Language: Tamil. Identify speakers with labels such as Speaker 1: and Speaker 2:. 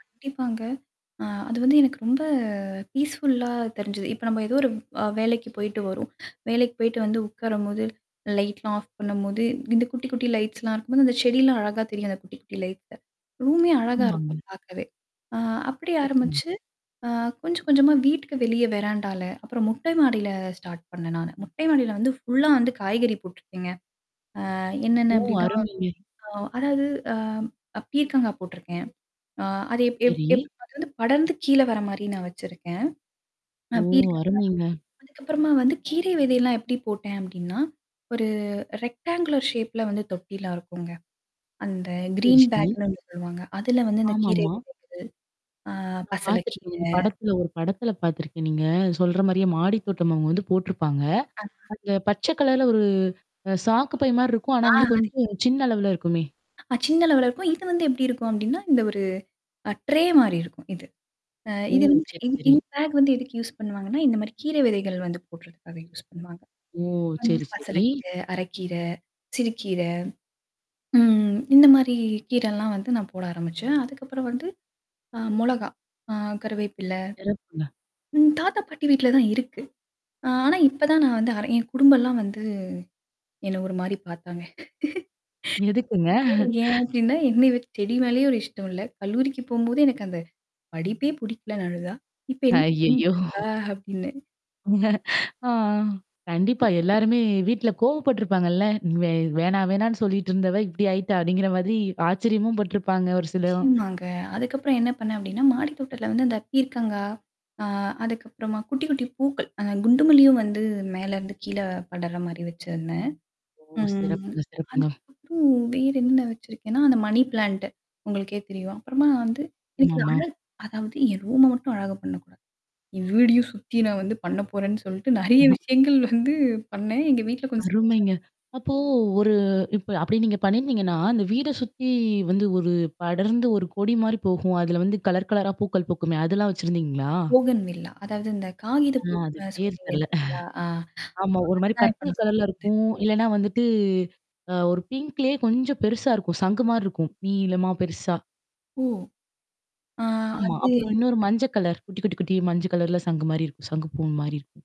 Speaker 1: கண்டிப்பாங்க. ஆ அது வந்து எனக்கு ரொம்ப பீஸ்ஃபுல்லா தெரிஞ்சுது. இப்ப நம்ம ஏதோ ஒரு அ வேலைக்கு போயிட்டு வரோம். வேலைக்கு போயிட்டு வந்து உக்காரும்போது. லைட்லாம் ஆஃப் பண்ணும்போது இந்த குட்டி குட்டி லைட்ஸ்லாம் இருக்கும்போது, அந்த செடிலாம் அழகா தெரியும் அந்த குட்டி குட்டி லைட்ல. ரூமே அழகா இருக்கும்
Speaker 2: ஆமாங்கா.
Speaker 1: பாக்கவே. ஆ அப்படி
Speaker 2: சிறப்புங்க.
Speaker 1: ஆரம்பிச்சு, அ கொஞ்சம் கொஞ்சமா வீட்டுக்கு வெளிய வெறாண்டால அப்புறம் மொட்டை மாடியில ஸ்டார்ட் பண்ணேன் நான். மொட்டை மாடியில வந்து ஃபுல்லா வந்து காய்கறி போட்டுருக்கேங்க. ஆ என்னென்ன
Speaker 2: ஓ!
Speaker 1: அப்டின்னா
Speaker 2: அருமைங்க.
Speaker 1: ஆ அதாவது அ அ பீர்கங்கா போட்டுருக்கேன். ஆ அது எப் எப்
Speaker 2: சரி.
Speaker 1: எப் அது வந்து படர்ந்து கீழ வர மாரி நான் வச்சிருக்கேன். அ
Speaker 2: ஓ!
Speaker 1: பீர்கங்கா.
Speaker 2: அருமைங்க.
Speaker 1: அதுக்கப்புறமா வந்து கீரை விதையெல்லாம் எப்படி போட்டேன் அப்படின்னா? ஒரு ரெக்ட்டாங்குலோர் ஷேப்ல வந்து தொட்டிலாம் இருக்குங்க. அந்த
Speaker 2: சரி,
Speaker 1: கிரீன்
Speaker 2: சரி.
Speaker 1: பேக்ன்னு ஒண்ணு சொல்லுவாங்க. அதுல வந்து அந்த கீரை
Speaker 2: ஆமாமா.
Speaker 1: விதைகள். ஆ
Speaker 2: நான்
Speaker 1: பசலை
Speaker 2: பாத்திருக்கேங்க.
Speaker 1: கீரை.
Speaker 2: இந்த படத்துல ஒரு படத்துல பாத்துருக்கேன் நீங்க சொல்ற மாரியே மாடி தோட்டம் அவங்க வந்து போட்டுருப்பாங்க.
Speaker 1: ஆஹ.
Speaker 2: அந்த பச்சை கலர்ல ஒரு சாக்கு பை மாரி இருக்கும். ஆனா
Speaker 1: ஆ
Speaker 2: வந்து
Speaker 1: சரி.
Speaker 2: கொஞ்சம் சின்ன அளவுல இருக்குமே.
Speaker 1: அ சின்ன லெவல்ல இருக்கும். இது வந்து எப்படி இருக்கும் அப்டின்னா, இந்த ஒரு ட்ரே மாறியிருக்கும். இது. அ
Speaker 2: ஓ!
Speaker 1: இது வந்து
Speaker 2: சரி,
Speaker 1: இ
Speaker 2: சரி.
Speaker 1: இந்த பேக் வந்து எதுக்கு யூஸ் பண்ணுவாங்கன்னா, இந்த மாரி கீரை விதைகள் வந்து போடறதுக்காக யூஸ் பண்ணுவாங்க.
Speaker 2: ஓ!
Speaker 1: அந்த
Speaker 2: சரி,
Speaker 1: பசலை
Speaker 2: சரி.
Speaker 1: கீரை, அரைக்கீரை. சிறுக்கீரை. ம். இந்த மாரி கீரல்லாம் வந்து நான் போட ஆரம்பிச்சேன். அதுக்கப்புறம் வந்து. அ மிளகாய் ஆ கரிவேப்பிலை.
Speaker 2: சிறப்புங்க.
Speaker 1: ம் தாத்தா பாட்டி வீட்ல தான் இருக்கு. ஆ ஆனா இப்ப தான் நான் வந்து அர என் குடும்பல்லாம் வந்து என்ன ஒரு மாரி பாத்தாங்க.
Speaker 2: எதுக்குங்க.
Speaker 1: ஏன் அப்டின்னா என்ன [unintelligible] செடி மேலேயும் 1 இஷ்டம் இல்ல. கல்லூரிக்கு போம்போது எனக்கு அந்த படிப்பே புடிக்கலனு அழுதா? இப்ப என்ன
Speaker 2: ஐயய்யோ!
Speaker 1: பண்ணிட்டு இருக்கா? அப்டின்னு.
Speaker 2: ஆ, கண்டிப்பா எல்லாருமே வீட்ல கோவப்பட்டுருப்பாங்கல்ல? இவ "வேணா வேணான்னு சொல்லிட்டு இருந்தவ இப்டடி ஆயிட்டா" அப்டிங்கிற மாதிரி ஆச்சரியமும் பட்டுருப்பாங்க ஒரு சிலவும்.
Speaker 1: நிச்சயமாங்க. அதுக்கப்புறம் என்ன பண்ணேன் அப்டின்னா, மாடித்தோட்டத்துல வந்து அந்த பீர்கங்கா, ஆ அதுக்கப்புறமா குட்டி குட்டி பூக்கள், அந்த குண்டு மல்லியும் வந்து மேலருந்து கீழ படர்ற மாரி வச்சருந்தேன்.
Speaker 2: ஓ!
Speaker 1: ம்.
Speaker 2: சிறப்புங்க, சிறப்புங்க.
Speaker 1: அதுக்கப்புறம் வேறென்ன வச்சிருக்கேன்னா, அந்த மணி பிளான்ட். உங்களுக்கே தெரியும். அப்புறமா வந்து எனக்கு இந்த
Speaker 2: ஆமாமா.
Speaker 1: அழகு அதாவது என் ரூம மட்டும் அழகா பண்ணக்கூடாது. என் வீடயும் சுத்தி நான் வந்து பண்ண போறேன்னு சொல்லிட்டு நெறைய
Speaker 2: [unintelligible]
Speaker 1: விஷயங்கள் வந்து பண்ணேன். எங்க வீட்ல கொஞ்சம்
Speaker 2: அருமைங்க.
Speaker 1: சிரிச்சாங்க.
Speaker 2: அப்போ ஒரு இப்ப அப்படி நீங்க பண்ணிருந்தீங்கன்னா, அந்த வீட சுத்தி வந்து ஒரு படர்ந்து ஒரு கொடி மாரி போகும். அதுல வந்து கலர் கலரா பூக்கள் பூக்குமே! அதெல்லாம் வச்சிருந்தீங்களா?
Speaker 1: போகன் வில்லா. அதாவது இந்த காகித
Speaker 2: ஆ அது
Speaker 1: பூனு
Speaker 2: பேர்
Speaker 1: சொல்றீங்க
Speaker 2: தெரில.
Speaker 1: இல்லயா? அ
Speaker 2: ஆமா. ஒரு
Speaker 1: அத
Speaker 2: மாரி
Speaker 1: தான் நான் இப்ப
Speaker 2: பர்பல்
Speaker 1: சொல்ல
Speaker 2: கலர்ல
Speaker 1: வந்தேன்.
Speaker 2: இருக்கும். இல்லன்னா வந்துட்டு அ ஒரு பிங்க்லயே கொஞ்சம் பெருசா இருக்கும். சங்கு மாரி இருக்கும். நீீலமா பெருசா.
Speaker 1: ஓ. ஆ
Speaker 2: ஆமா.
Speaker 1: அது
Speaker 2: அப்புறம்
Speaker 1: எ
Speaker 2: இன்னொரு மஞ்ச கலர், குட்டி குட்டி குட்டி, மஞ்ச கலர்ல சங்கு மாரி இருக்கும். சங்கு பூ மாரி இருக்கும்.